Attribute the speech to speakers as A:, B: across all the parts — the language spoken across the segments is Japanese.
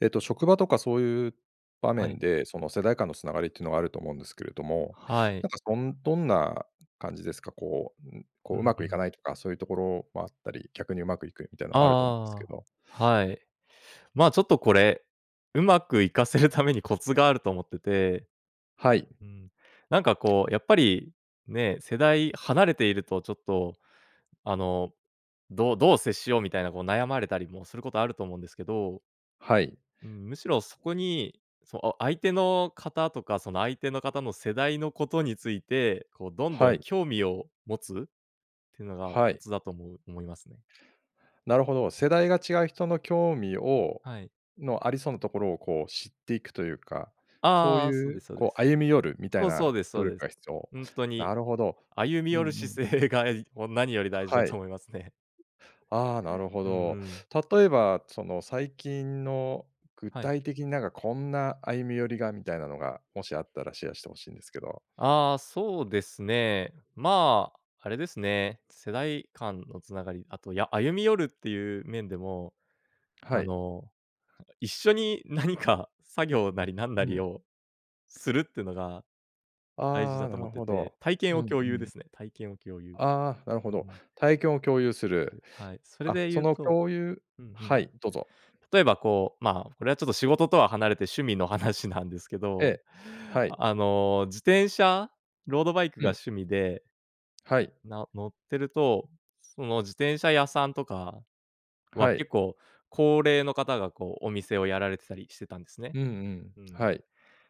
A: えっと、職場とかそういう場
B: はい。
A: 面で、その世代間のつながりっていうのがあると思うんですけれども、
B: はい。
A: なんかそんどんな感じですか？こう、ん、こ
B: う
A: う、う
B: ん
A: ま
B: う
A: くいか
B: ん。
A: ないとか、そういうところもあったり、逆にうまくいくみたいなのもあると思うんですけ
B: あ
A: ど。
B: あああああ。はい。まあ、ちょっとこれ、うまくいかせるためにコツがあると思ってて。
A: はい。
B: うん。なんかこう、やっぱり、ね、世代離れているとちょっと、あの、どどう接しようみたいな、こう悩まれたりもすることあると思うんですけど。
A: はい。
B: うん。むしろそこに、そお相手の方とか、その相手の方の世代のことについて、こうどんど
A: は
B: ん
A: い。
B: 興味を持つっていうのがコ
A: はい。
B: ツだと思う思いますね。
A: なるほど。世代が違う人の興味を
B: はい。
A: のありそうなところをこう知っていくというか、
B: あ
A: そう
B: あああ。そう
A: い
B: で
A: う
B: すそうで
A: こう、
B: す。
A: 歩み寄るみた
B: そ
A: い
B: う、
A: な
B: そうですそう
A: 努力
B: です。
A: が必要。
B: ほんとに
A: なるほど。
B: 歩み
A: う
B: 寄
A: ん
B: る
A: うん。
B: 姿勢が、えい何より大事だ
A: は
B: と
A: い。
B: 思いますね。
A: ああ、なるほ
B: うんう
A: ど。
B: ん。
A: 例えばその最近の具
B: はい。
A: 体的になんかこんな歩み寄りが、みたいなのが、もしあったらシェアして欲しいんですけど。
B: ああ、そうですね。まあ、あれですね、世代間のつながり、あとや歩み寄るっていう面でも、
A: は
B: あ
A: い。
B: の、は一緒に何か作業なり、なんな
A: う
B: り
A: ん。
B: をするってのが、大事
A: あ
B: だ
A: あ、な
B: と思っ
A: る
B: て
A: ほ
B: て。
A: ど。
B: 体
A: う
B: 験を
A: ん
B: 共
A: う
B: 有で
A: ん。
B: すね、体験を共有。
A: ああ、なるほ
B: うー
A: ど。
B: ん。
A: 体験を共有する。
B: で、はい、それ
A: あ、
B: で
A: そ
B: 言う
A: の
B: と
A: 共有
B: うんうん。
A: はい、どうぞ。
B: 例えばこう、まあ、これはちょっと仕事とは離れて趣味の話なんですけ
A: え
B: ど、
A: え。はい。
B: あの、自転車、ロードバイク
A: う
B: が
A: ん。
B: 趣味で
A: はい。
B: な乗ってると、その自転車屋さんとかは、
A: はい。
B: 結構高齢の方がこうお店をやられてたりしてたんですね。
A: うんうん。
B: うん。
A: はい。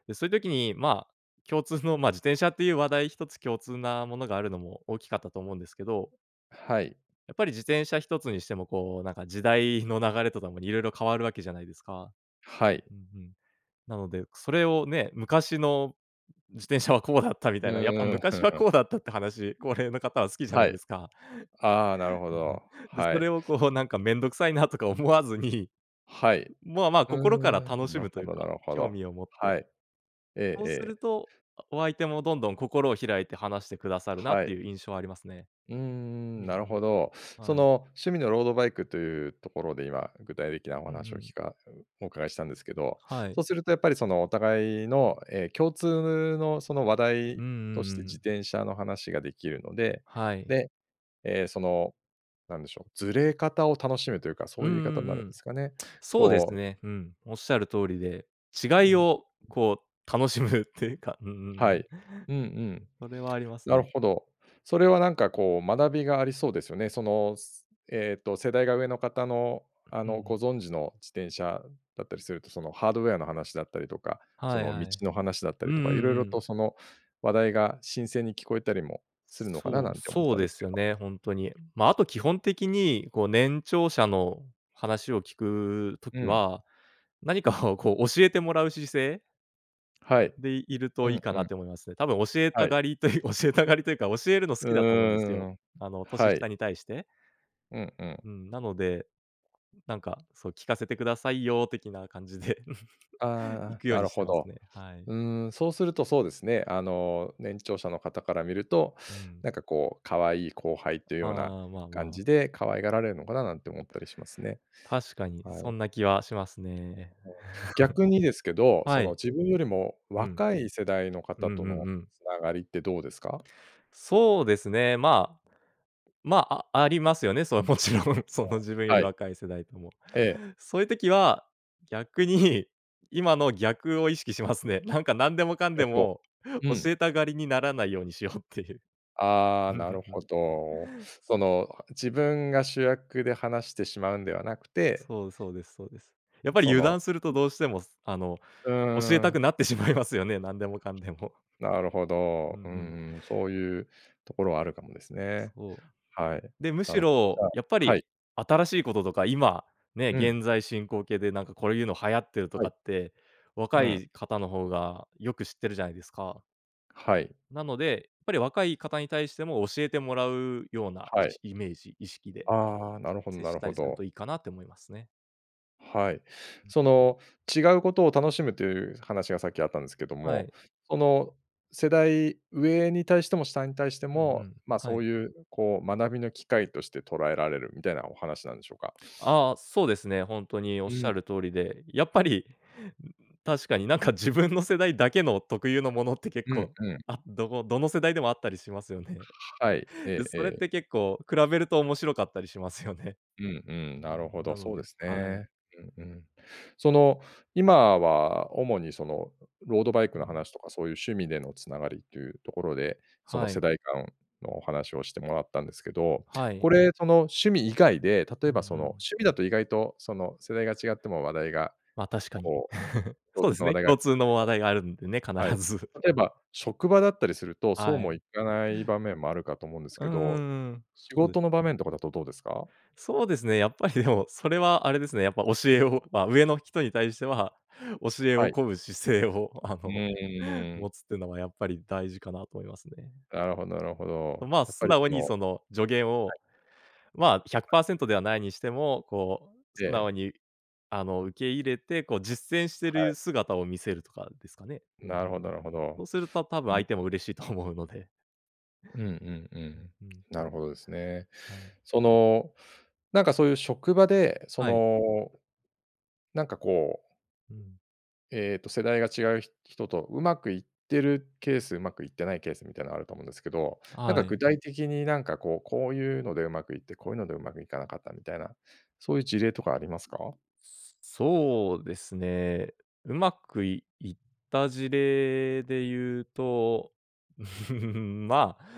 B: で、そういう時にまあ、共通の、まあ、自転車っていう話題1つ共通なものがあるのも大きかったと思うんですけど。
A: はい。
B: やっぱり自転車一つにしても、こうなんか時代の流れとともに、色々変わる訳じゃないですか。
A: はい。
B: うん、ふん。なのでそれをね、昔の自転車はこうだったみ
A: う
B: たいな、やっぱ
A: ーん。ふ
B: 昔
A: ん
B: は
A: ふん。
B: こうだったって話、高齢の方は好きじゃな
A: は
B: いで
A: い。
B: すか。
A: ああ、なるほ
B: うんうん。
A: ど。
B: で、
A: は
B: それ
A: い。
B: をこうなんか面倒臭いなとか思わずに、
A: はい。
B: も、あ、まあ、
A: う
B: 心から
A: ーん。
B: 楽し
A: なる
B: むとい
A: ほ
B: う
A: どな
B: か、
A: るほ
B: 興
A: ど。
B: 味を持って。
A: はい。ええ
B: そうす
A: ええ。
B: ると、お相手もどんどん心を開いて話してくださるなっ
A: は
B: て
A: い。
B: いう印象はありますね。
A: うー
B: うん
A: ん、なるほど。
B: うん。
A: そ
B: はい。
A: の趣味のロードバイクというところで今、具体的なお
B: うんう
A: 話を
B: ん。
A: 聞かお伺いしたんですけど、
B: はい。
A: そうするとやっぱりそのお互いの、え、共通のその話
B: うん
A: 題
B: う
A: として
B: んう
A: 自
B: ん。
A: 転車の話ができるので、
B: はい。
A: で、え、その何でしょう、ずれ方を楽しむというか、そう
B: うん
A: い
B: う
A: う言い方にな
B: ん
A: る
B: う
A: んで
B: ん。
A: すかね。
B: そうです
A: こう
B: ね、うん。おっしゃる通りで、
A: う
B: 違い
A: ん。
B: をこう楽しむっていうか、うんうんう
A: は
B: ん。
A: い。うんうん。
B: それはあります
A: なる
B: ね。
A: ほど。それはなんかこう、学びがありそうですよね。その、えっと、世代が上の方のあ
B: う
A: の、
B: ん。
A: ご存知の自転車だったりすると、そのハードウェアの話だったりとか、そ
B: はい
A: の
B: は
A: 道
B: い。
A: の話だった
B: うん
A: り
B: うん
A: とか、色
B: う
A: 々
B: ん。
A: とその話題が新鮮に聞こえたりもするのかな、
B: そ
A: な
B: う、
A: んて思っ
B: そう
A: たん
B: で
A: です
B: す
A: け
B: よ
A: ど。
B: ね、ほんとに。まあ、あと基本的に、こう年長者の話を聞く
A: う
B: 時
A: ん。
B: は、何かをこう教えてもらう姿勢。
A: はい。
B: で、いる
A: う
B: といい
A: ん
B: か
A: う
B: なっ
A: ん。
B: て思いますね。多分教えた
A: はい。
B: がりという、教えたがりというか、教えるの好
A: う
B: きだと思うんです
A: ー
B: よ。
A: ん、
B: あの年
A: はい。
B: 下に対して。
A: うんうん。
B: うん、なので、なんかそう聞かせてくださいよ的な感じで 行
A: あ
B: く
A: あ、
B: よう
A: な
B: に
A: る
B: し
A: ほ
B: てます
A: ど。
B: ね。はい。
A: うーん、そうするとそうですね、あの、年長者の方から見ると、
B: うん。
A: なんかこう可愛い後輩という
B: あ
A: ような
B: あ、まあ
A: 感
B: まあ。
A: じで可愛がられるのかななんて思ったりしますね。
B: 確かに
A: は
B: そ
A: い。
B: んな気はしますね。
A: 逆にですけ ど、
B: は
A: その
B: い。
A: 自分よりも
B: うん。
A: 若い世代の
B: う
A: 方
B: ん
A: と
B: う
A: の
B: んうん。
A: 繋がりってどうですか？
B: そうですね。まあ、まあ、あありますよね、それ、もちろんそ
A: う
B: の自分
A: ん。
B: よ
A: は
B: り
A: い。
B: 若い世代とも。
A: ええ。
B: そういう時は、逆に今の逆を意識しますね。なんかなんでもかんで
A: 逆を。
B: も
A: う
B: 教
A: ん。
B: えたがりにならないようにしようっていう。
A: あ
B: う
A: あ、
B: んうん
A: なる
B: う
A: ほ
B: ん。
A: ど。その自分が主役で話してしまうんではなくて
B: そう、そうですそうです。やっ
A: そ
B: ぱり油
A: の
B: 断するとどうしても、すあの
A: う
B: 教え
A: ー
B: たく
A: ん。
B: なってしまいますよね、なんでもかんでも。
A: なるほ
B: うんう
A: ど、う
B: ん。
A: んうん、そういうところはあるかもですね。
B: そ
A: はい、
B: う。で、む
A: な
B: し
A: るほど。じ
B: ろ
A: ゃあ
B: やっぱ
A: は
B: り
A: い。
B: 新しいこととか、今ね、
A: うん。
B: 現在進行形でなんかこれいうの流行ってると
A: はい。
B: かって、
A: う
B: 若
A: ん。
B: い方の方がよく知ってるじゃないですか。
A: はい。
B: なので、やっぱり若い方に対しても教えてもらうような、い
A: はい。
B: しイメージ、意識で
A: ああ、なるほど
B: 接
A: な
B: し
A: る
B: た
A: ほ
B: りする
A: ど。
B: といいかなって思いますね。
A: はい、その、違うことを楽しむという話がさっきあったんですけど
B: は
A: も、
B: い。
A: その、世代上に対しても下に対して
B: うんう
A: も、
B: ん、
A: ま、
B: は
A: そ
B: い。
A: ういう、こう、学びの機会として捉えられるみたいなお話なんでしょうか？
B: ああ、そうですね。ほんとにおっ
A: う
B: しゃ
A: ん。
B: る通りで、やっぱり、ん、確かになんか自分の世代だけの特有のものって結
A: うん、
B: 構、
A: うん。
B: あどこの世代でもあったりしますよね？
A: はい。
B: で、
A: えええ
B: それっ
A: え。
B: て結構比べると面白かったりしますよね。
A: うんう
B: う
A: ん、なるほ
B: ーん、な
A: ど、
B: の
A: そうで
B: で、
A: す
B: はい。
A: ね。うんうん。その、今は主にその、ロー
B: う、
A: ドバイク
B: う
A: の
B: ん。
A: 話とかそういう趣味でのつながりっていうところで、その、
B: は
A: 世
B: い。
A: 代間のお話をしてもらったんですけど、
B: はい。
A: これ、その趣味以外で例
B: う
A: え
B: んう
A: ばその
B: ん。
A: 趣味だと意外とその、世代が違っても話題が、
B: ま、確かに。
A: こ う、共
B: そう
A: 通
B: です
A: の話
B: ね、
A: 題があ
B: 共
A: りそうで
B: 通
A: す
B: の
A: け
B: 話
A: ど
B: 題があるんでね、
A: は
B: 必
A: い。
B: ず。
A: 例えば職場だったりするとそう
B: は
A: も
B: い。
A: いかない場面もあるかと思うんです
B: うん
A: け
B: う
A: ど、
B: んうん。
A: 仕
B: そで
A: 事
B: す
A: の
B: ね。
A: 場面とかだとどうですか？
B: そうですね、やっぱりでも、それはあれですね、やっぱ教えをま、上の人に対しては、教え
A: は
B: を
A: い。
B: 乞う姿勢をあ
A: う
B: の、
A: ーん。
B: 持つっていうのはやっぱり大事かなと思いますね。
A: なるほどなるほど。
B: まあ、
A: やっ
B: 素
A: ぱり
B: 直
A: そ
B: に
A: のは
B: その助言を、
A: い。
B: まあ、ひ
A: は
B: ゃく
A: い。
B: パーセントではないにしても、こう素
A: え
B: 直
A: え。
B: にあの、受け入れて、こう実践して
A: は
B: る
A: い。
B: 姿を見せるとかですかね。うんうん。
A: なるほどなるほど。
B: そうするとたぶ
A: う
B: ん
A: ん。
B: 相手も嬉しいと思うので。
A: うんうんう
B: うん、
A: ん。
B: うん。
A: なるほどですね。
B: はい。
A: その、なんかそういう職場で、そ
B: はい。
A: の、なんかこう
B: うん。
A: えっと世代が違うひ人とうまくいってるケース、うまくいってないケースみたいなのあると思うんですけど、なん
B: は
A: か
B: い。
A: 具体的になんかこう、こういうのでうまくいって、こういうのでうまくいかなかったみたいな、そういう事例とかありますか？
B: そうですね、うまくいいった事例で言うと、まあ、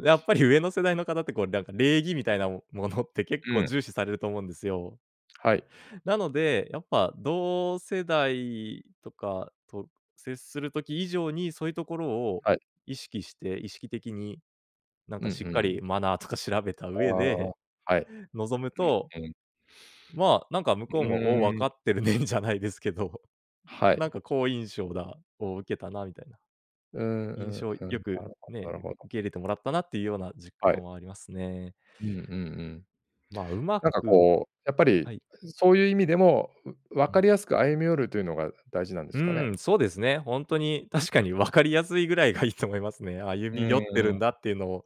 B: やっぱり上の世代の方ってこうなんか礼儀みたいなもものって結
A: う
B: 構
A: ん。
B: 重視されると思うんですよ。
A: はい。
B: なので、やっぱ同世代とかと接する時以上にそういうところを
A: はい。
B: 意識して、意識的になん
A: う
B: か
A: んう
B: しっかり
A: ん。
B: マナーとか調べた
A: あ
B: 上で、
A: あ、はい。
B: 望む
A: う
B: と、
A: ん、うん。
B: まあ、なんか向
A: う
B: こうも、「お、わ
A: ーん。
B: かってるね」じゃないですけど、
A: は
B: なん
A: い。
B: か好印象だを、受けたなみたいな、
A: うんう
B: 印
A: ん
B: 象
A: う
B: よ
A: ん。な
B: く、
A: るほ
B: ね、
A: どな
B: う
A: るほど。
B: 受け入れてもらったなっていうような実
A: は
B: 感
A: い。
B: はありますね。
A: うんうんうん。
B: まあ、うま
A: なんか
B: く
A: こう、やっぱり、
B: はい。
A: すそういう意味でも、う
B: う
A: 分か
B: ん。
A: りやすく歩み寄るというのが大事なんで
B: う
A: すかね？
B: ーん、そうですね。ほんとに、確かにわかりやすいぐらいがいいと思いますね、歩
A: う
B: み寄って
A: ーん。
B: るんだっていうのを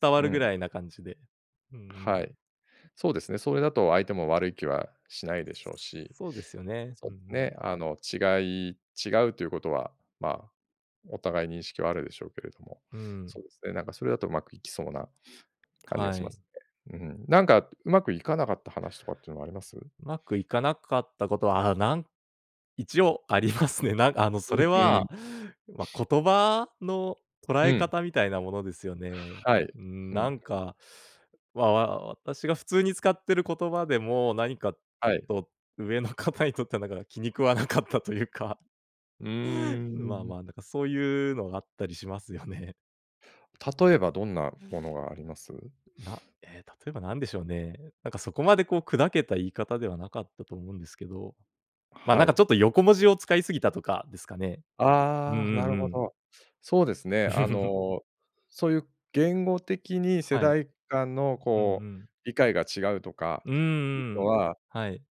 B: 伝わ
A: う
B: るぐ
A: ん。
B: らいな感じで。うんうん。
A: はい、そうですね、それだと相手も悪い気はしないでしょうし、
B: そうですよね、
A: そ
B: う
A: う
B: んう
A: です
B: ん。
A: ね、あの、違い違うということは、まあ、お互い認識はあるでしょうけれども、
B: うー
A: そ
B: ん。
A: うですね、なんかそれだとうまくいきそうな感じが
B: は
A: しま
B: い。
A: すね、うん。なんかうまくいかなかった話とかっていうのはあります？
B: うまくいかなかったことは、あ、なん一応、ありますね。なんあの、
A: う
B: そ
A: ん、
B: れ
A: うん。
B: は、ま、言葉の捉
A: う
B: え
A: ん。
B: 方みたいなものですよね。
A: はい。
B: うーん、
A: うんう
B: な
A: ん。
B: んか、わわ私が普通に使ってる言葉でも、なにか、
A: はい。
B: と上の方にとっては、だから気に食わなかったというか、
A: うー
B: まあ
A: ん。
B: まあ、なんかそういうのがあったりしますよね。
A: 例えばどんなものがあります？
B: なえ、例えばなんでしょうね？なんか、そこまでこう砕けた言い方ではなかったと思うんですけど、ま、な
A: は
B: んかち
A: い。
B: ょっと横文字を使い過ぎた、とかですかね？うんう
A: ああ、な
B: ん
A: る
B: う
A: ほ
B: ん。
A: ど。そうですね、あ の、そういう言語的に世
B: はい。
A: 代間の、
B: うんう
A: こう
B: ん。
A: 理解が違うとか
B: うんう
A: いう
B: んう
A: の
B: ん。
A: は
B: はい。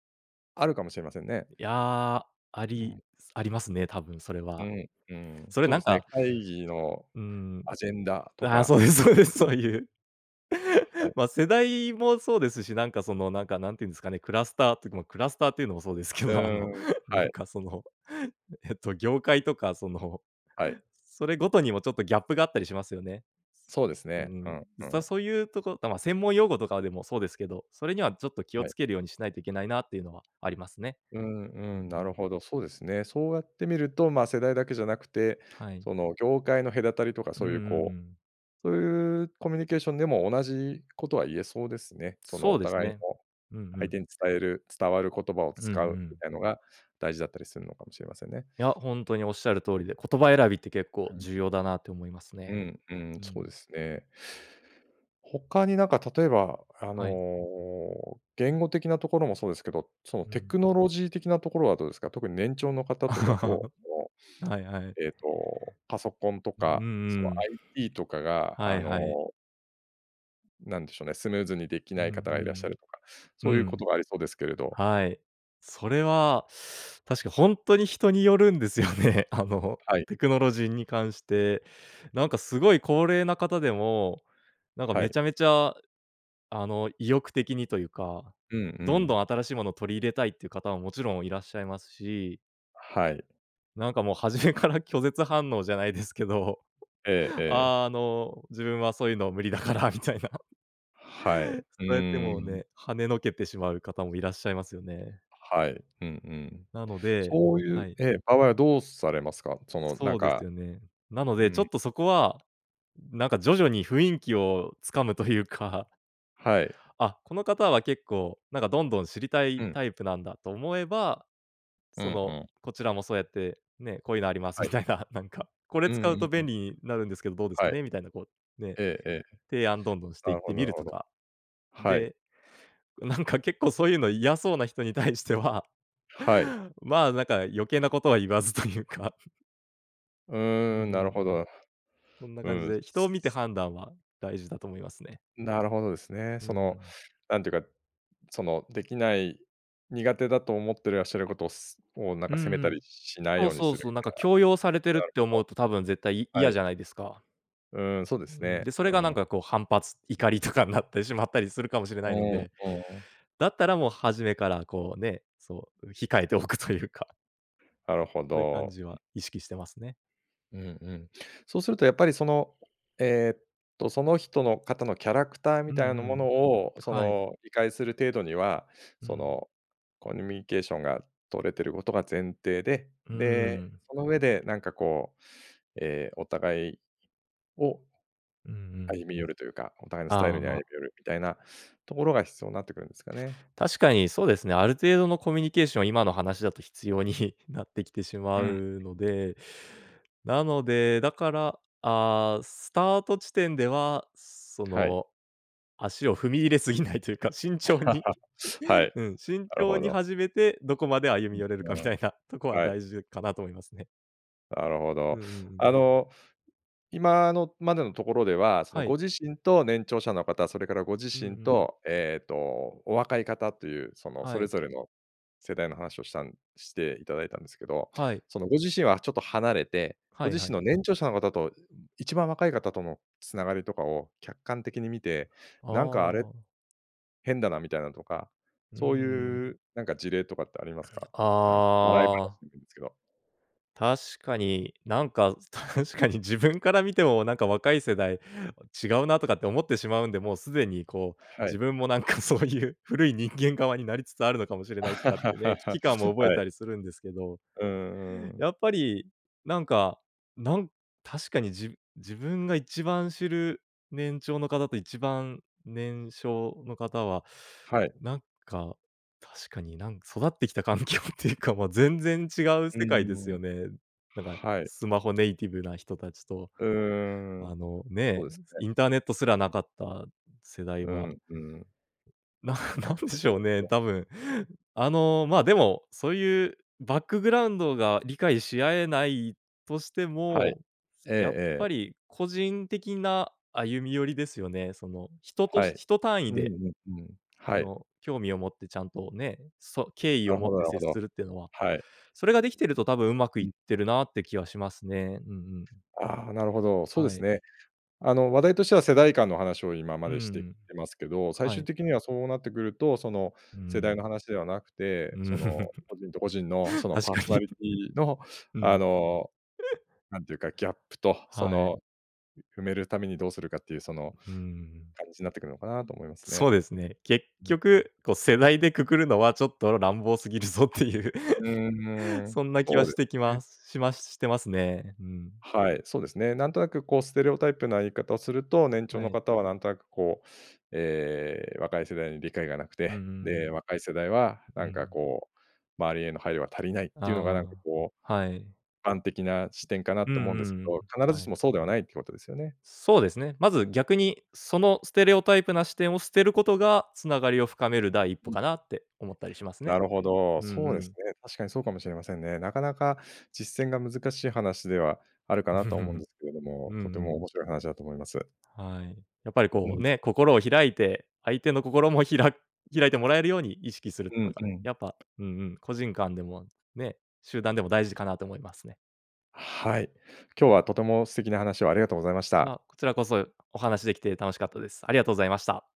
A: あるかもしれませんね。
B: や、あ
A: う
B: り
A: ん。
B: ありますね、多分それ
A: う
B: は。
A: ん、うん、
B: それ
A: そう
B: な
A: で
B: ん
A: すね、
B: か
A: 会議の
B: うーん。
A: アジェンダと
B: あ、
A: か。
B: そうですそうです。そういう。
A: はい。
B: ま、世代もそうですし、なんか、その、なんか何て言うんですかね、クラスターてか、も、クラスターというのもそうですけ
A: う
B: ど、あ
A: ー
B: の、
A: ん、
B: な
A: はい。
B: んか、その、えっと、業界とか、その、
A: はい。
B: それごとにもちょっとギャップがあったりしますよね。
A: そうです
B: うー
A: ね。うん
B: ん、
A: う
B: 実は
A: ん。
B: そういうところ、だま、専門用語とかは、でもそうですけど、それにはちょっと気を
A: はい。
B: 付けるようにしないといけないなっていうのはありますね。
A: うん
B: う
A: う
B: ん。
A: ん、なるほど、そうですね。そうやってみると、ま、世代だけじゃなくて、
B: はい。
A: その業界の隔たりとか
B: うん
A: そ
B: うん
A: う
B: う
A: いうこ
B: ん。
A: う、そういうコミュニケーションでも同じことは言えそうですね。その
B: そ
A: お
B: うです
A: 互い
B: ね。
A: の、
B: うんう
A: 相
B: ん。
A: 手に伝える伝わる言葉を
B: うんう
A: 使うみ
B: ん。
A: たいのが大事だったりするのかもしれませんね。
B: いや、ほんとに仰る通りで、言葉選びって結構
A: うん。
B: 重要だなって思います
A: う
B: ね。
A: んう
B: う
A: ん、そうで
B: ん。
A: すね。他になんか例えば、あ
B: はい。
A: の、言語的なところもそうですけど、その
B: う
A: テ
B: ん。
A: クノロジー的なところはどうですか？特に年長の方とだと、お
B: はいはい。
A: えっと、パソコンと
B: う
A: か、そ
B: んう
A: の
B: ん。
A: IT とかが、
B: は
A: あ
B: い
A: の
B: はい。
A: なんでしょうね、スムーズにでき
B: う
A: ない
B: んう
A: 方がいらっしゃ
B: ん。
A: るとか、
B: う
A: そ
B: ん。
A: うい
B: う
A: うこ
B: ん、
A: とがありそうですけれど。
B: はい。それは確かほんとに人によるんですよね。あの、
A: はい。
B: テクノロジーに関して、なんかすごい高齢な方でも、なんか
A: は
B: め
A: い。
B: ちゃめちゃあの、意欲的にというか、
A: うんう
B: どんど
A: ん。
B: ん新しいものを取り入れたいっていう方ももちろんいらっしゃいますし
A: はい。
B: なんかもう初めから拒絶反応じゃないですけど、
A: ええええ。
B: あの、「自分はそういうの無理だから」みたいな。
A: はい。う
B: そうやってもう
A: ーん。
B: ね、はねのけてしまう方もいらっしゃいますよね。
A: はい。うんうん。
B: なので
A: そうい
B: は
A: う
B: い。
A: え、場合はどうされますか？そのなん
B: そうです
A: か
B: よね。なの
A: う
B: でちょっ
A: ん。
B: とそこは、なんか徐々に雰囲気をつかむというか
A: はい。
B: あ、この方は結構なんかどんどん知りた
A: う
B: い
A: ん。
B: タイプなんだと思えば、
A: う
B: そ
A: んう
B: の、
A: ん。
B: こちらもそうやってね、「こういうのあります」
A: は
B: み
A: い。
B: たいな、なんか、「これ
A: う
B: 使うと
A: んう
B: 便
A: ん。
B: 利になるんですけど、どうですか
A: はい。
B: ね？」みたいなこうね、
A: ええええ。
B: 提案どんどんしてい
A: な
B: っ
A: る
B: て
A: ほど
B: み
A: なる
B: ると
A: ほど。
B: か。
A: はい。
B: で、なんか結構そういうの嫌そうな人に対しては
A: はい。
B: まあ、なんか余計なことは言わずというか。
A: う
B: うん、
A: ー
B: ふ
A: ん、
B: ん、
A: なる
B: う
A: ほ
B: ん。
A: ど。
B: そんな
A: う
B: 感じ
A: ん。
B: で、人を見て判断は大事だと思いますね。
A: なるほどですね。
B: う
A: その、
B: ん。
A: なんていうか、その、できない、苦手だと思ってらっしゃることを、す、もう、なん
B: うん
A: か責め
B: う
A: た
B: ん。
A: りしない
B: そ
A: よ
B: う
A: うに
B: そう
A: する
B: そう、なんか強要されて
A: みたい
B: る
A: な。な
B: っ
A: る
B: て
A: ほ
B: 思うと、多分絶対い
A: ど。は
B: 嫌
A: い。
B: じゃないですか。
A: うーん、そうで
B: う
A: す
B: ん、
A: ね。
B: で、それ
A: う
B: がなん
A: ん。
B: かこう反発、怒りとかになってしまったりするかもしれ
A: う
B: ないの
A: んう
B: で、
A: ん。
B: だったらもう初めからこうね、そう、控えておくというか。
A: なるほ
B: そういう感
A: ど。
B: じ
A: うん。
B: は意識してますね。
A: うんうん。そうするとやっぱりその、えっと、その人の方のキャラクター
B: う
A: み
B: ん
A: たいな
B: う
A: も
B: ん。
A: のを、そ
B: はい。
A: の理解する程度には、
B: う
A: そ
B: ん。
A: のコミュニケーションが取れてることが前提で、
B: うー
A: で、
B: ん。
A: その上でなんかこう、ええ、お互いを、
B: うんうん。
A: 歩み寄るというか、お互いのスタイ
B: あ
A: ル
B: あ、
A: に歩み
B: ま。
A: 寄るみたいなところが必要になってくるんですかね。
B: 確かにそうですね、ある程度のコミュニケーション、今の話だと必要になってきてしま
A: うん。
B: うので、なので、だから、ああ、スタート地点では、そ
A: はい。
B: の、足を踏み入れすぎないというか、慎重に、
A: はい、
B: うん、慎
A: なる
B: 重
A: ほ
B: に
A: ど。
B: 始めて、どこまで歩み寄れるかみた
A: [unintelligible]
B: いなとこは
A: はい。
B: 大事かなと思いますね。
A: なるほ
B: うん
A: ど。
B: うんうん。
A: あの、今のまでのところでは、そ
B: は
A: の、
B: い。
A: ご自身と年長者の方、それからご自
B: うんう
A: 身
B: ん。
A: と、えっと、お若い方という、その、
B: は
A: それ
B: い。
A: ぞれの世代の話をしたんして頂いたんですけど、
B: はい。
A: その、ご自身はちょっと離れて、ご
B: はい
A: 自
B: は
A: 身
B: い。
A: の年長者の方と、一番若い方との繋がりとかを客観的に見て、
B: あ
A: なんか「あれ？
B: あ。
A: 変だな」みたいなとか、
B: うー
A: そう
B: ん。
A: いうなんか事例とかってありますか？なん、笑い
B: ああ。
A: 話でもいんすけど。
B: 確かに、なんか、確かに自分から見ても、なんか若い世代違うな、とかって思ってしまうんで、もう既に、こう、
A: はい。
B: 自分も、なんか、そうゆう古い人間側になりつつあるのかもしれ ない、とかってね、
A: は
B: 危機感を覚え
A: い。
B: たりするんですけど。
A: うんうんうん。
B: やっぱり、なんか、なん確かに、じ自分が一番知る年長の方と、一番年少の方は、
A: はい。
B: なんか、確かに、なん育ってきた環境っていうか、ま、全然違う
A: うー
B: 世界です
A: ん。
B: よね。なんか、
A: はい。
B: スマホネイティブな人たちと、
A: うー
B: あ
A: ん、
B: の、
A: そ
B: ね、
A: うです
B: インターネットすらな
A: ね。
B: かった世代
A: う
B: は。
A: ん、うん。
B: なん
A: な
B: なん
A: るほ
B: で
A: ど、
B: し
A: そう
B: ょう
A: です
B: ね、
A: ね。
B: 多分、あの、ま、でも、そういうバックグラウンドが理解し合えないとして
A: はい。
B: も、
A: ええ
B: やっ
A: え
B: ぱ
A: え。
B: り、個人的な歩み寄りですよね。その、人と
A: はい。
B: 人単位
A: うんう
B: で
A: んうん、はい。
B: の興味を持って、ちゃんとね、そ敬意
A: な
B: を
A: る
B: 持っ
A: ほどな
B: て
A: るほ
B: 接
A: ど。
B: するってのは、
A: はい。
B: それが出来てると、多分上手くい
A: う
B: っ
A: ん。
B: てるなって気はしますね。うんうん。
A: ああ、なるほど、そうで
B: は
A: す
B: い。
A: ね。あの、話題としては、世代間の話を今ま
B: う
A: でしてき
B: ん。
A: てますけど、最
B: は
A: 終
B: い。
A: 的には、そうなってくると、その、
B: う
A: 世代の
B: ん。
A: 話ではなくて、
B: う
A: そ
B: ん。
A: の、個人と個人の、その、
B: 確
A: パー
B: か
A: ソナ
B: に。
A: リティの、
B: う
A: あ
B: ん。
A: の、なんていうか、ギャップと、そ
B: はい。
A: の、埋めるためにどうするかっていうその、
B: うん。
A: 感じなってくるのかなと思いますね。
B: そうですね。結
A: うんうん。
B: 局、こう、世代で括るのはちょっと乱暴過ぎるぞっていう、
A: うーん、
B: そんな気
A: そ
B: は
A: うで
B: してき
A: すね。
B: ますしましてますね。うん。
A: はい、そうですね。なんとなく、こう、ステレオタイプな言い方をすると、年長
B: は
A: の
B: い。
A: 方は、なんとなく、こう、ええ、若い世代に理解がなく
B: うんう
A: て、で、
B: ん。
A: 若い世代は、
B: う
A: なんか、
B: ん。
A: こう、周りへの配慮が足りないっていうのが、なんか、
B: あ
A: こう、
B: あ、はい。
A: 一般的な視点かな
B: うん
A: と思うんですけ
B: うんう
A: ど、必ず
B: は
A: し
B: い。
A: も、そうではないってことですよね。
B: そうですね。まず、逆に、そのステレオタイプな視点を捨てることが、繋がりを深める第一歩
A: うん。
B: かなって思ったりしますね。
A: なるほど。
B: うん
A: そう
B: う
A: です
B: ん。
A: ね。確かにそうかもしれませんね。なかなか実践が難しい話ではあるか
B: う
A: なと思うん
B: ん。
A: ですけれど
B: うん
A: も、とて
B: う
A: も
B: ん。
A: 面白い話だと思います。
B: はい、やっぱり
A: う
B: こう
A: ん。
B: ね、心を開いて、相手の心もひら開いてもらえるように意識するって
A: う
B: こ
A: ん
B: と
A: う
B: は、
A: ん。
B: やっぱ、うんうん、個人間でも、ね、集団でも大事かなと思いますね。
A: はい、今日は、とても素敵な話をありがとうございました。
B: ま、こちらこそ、お話し出来て楽しかったです。ありがとうございました。